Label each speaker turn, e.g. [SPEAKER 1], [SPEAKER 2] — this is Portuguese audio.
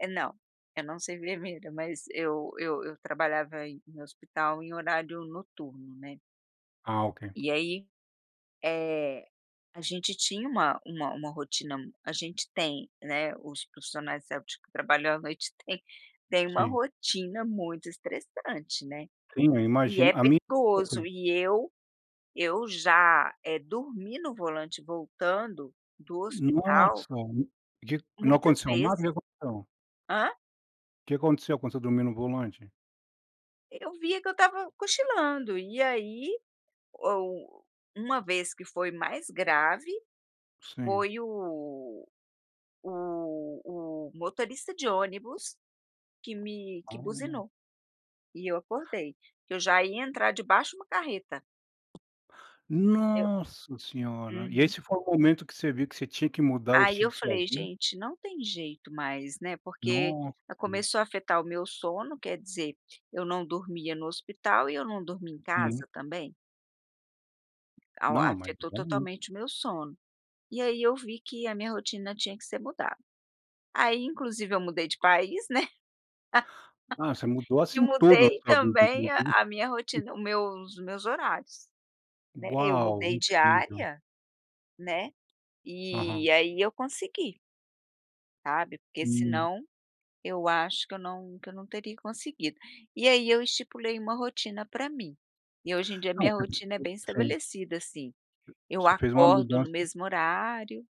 [SPEAKER 1] É não, eu não sou enfermeira, mas eu eu eu trabalhava em hospital em horário noturno, né.
[SPEAKER 2] Ah, ok.
[SPEAKER 1] E aí, eh, a gente tinha uma uma uma rotina m a gente tem, né, os profissionais de saúde que trabalham à noite tem tem uma
[SPEAKER 2] Sim.
[SPEAKER 1] rotina muito estressante, né.
[SPEAKER 2] Sim, eu
[SPEAKER 1] E
[SPEAKER 2] imagino
[SPEAKER 1] é
[SPEAKER 2] a minha
[SPEAKER 1] perigoso
[SPEAKER 2] [unintelligible]
[SPEAKER 1] e eu eu já, eh, dormir no volante voltando do hospital
[SPEAKER 2] Nossa, de não
[SPEAKER 1] muitas
[SPEAKER 2] aconteceu nada, o que
[SPEAKER 1] vezes.
[SPEAKER 2] que aconteceu?
[SPEAKER 1] Hã?
[SPEAKER 2] O que aconteceu quando você dormir no volante?
[SPEAKER 1] Eu via que eu estava cochilando e aí, ou uma vez que foi mais grave,
[SPEAKER 2] Sim.
[SPEAKER 1] foi o o o motorista de ônibus, que me que
[SPEAKER 2] Ah.
[SPEAKER 1] buzinou, e eu acordei, que eu já ia entrar debaixo de uma carreta. Deu.
[SPEAKER 2] Nossa senhora. E
[SPEAKER 1] Uhum.
[SPEAKER 2] esse foi o momento que você viu que você tinha que mudar o
[SPEAKER 1] Aí
[SPEAKER 2] estilo
[SPEAKER 1] eu
[SPEAKER 2] de sua
[SPEAKER 1] falei:
[SPEAKER 2] vida?
[SPEAKER 1] "Gente, não tem jeito mais", né, porque,
[SPEAKER 2] Nossa.
[SPEAKER 1] ah, começou a afetar o meu sono, quer dizer, eu não dormia no hospital e eu não dormi em
[SPEAKER 2] Sim.
[SPEAKER 1] casa também. Ao
[SPEAKER 2] Não, mas
[SPEAKER 1] afetou
[SPEAKER 2] realmente.
[SPEAKER 1] totalmente o meu sono, e aí eu vi que a minha rotina tinha que ser mudada. Aí inclusive, eu mudei de país, né.
[SPEAKER 2] Ah, você mudou
[SPEAKER 1] E
[SPEAKER 2] assim tudo na
[SPEAKER 1] mudei
[SPEAKER 2] sua vida
[SPEAKER 1] também a
[SPEAKER 2] inclusive
[SPEAKER 1] a minha rotina, o meus meus horários. Né, eu
[SPEAKER 2] Uau,
[SPEAKER 1] mudei de
[SPEAKER 2] incrível.
[SPEAKER 1] área, né,
[SPEAKER 2] Aham.
[SPEAKER 1] e aí eu consegui. Sabe, porque
[SPEAKER 2] Hum.
[SPEAKER 1] senão eu acho que eu não que eu não teria conseguido. E aí eu estipulei uma rotina pra mim, e hoje em dia
[SPEAKER 2] Não,
[SPEAKER 1] minha
[SPEAKER 2] cara
[SPEAKER 1] rotina é bem
[SPEAKER 2] [unintelligible] sim.
[SPEAKER 1] estabelecida, assim, eu
[SPEAKER 2] Você fez uma
[SPEAKER 1] acordo no
[SPEAKER 2] mudança
[SPEAKER 1] mesmo horário.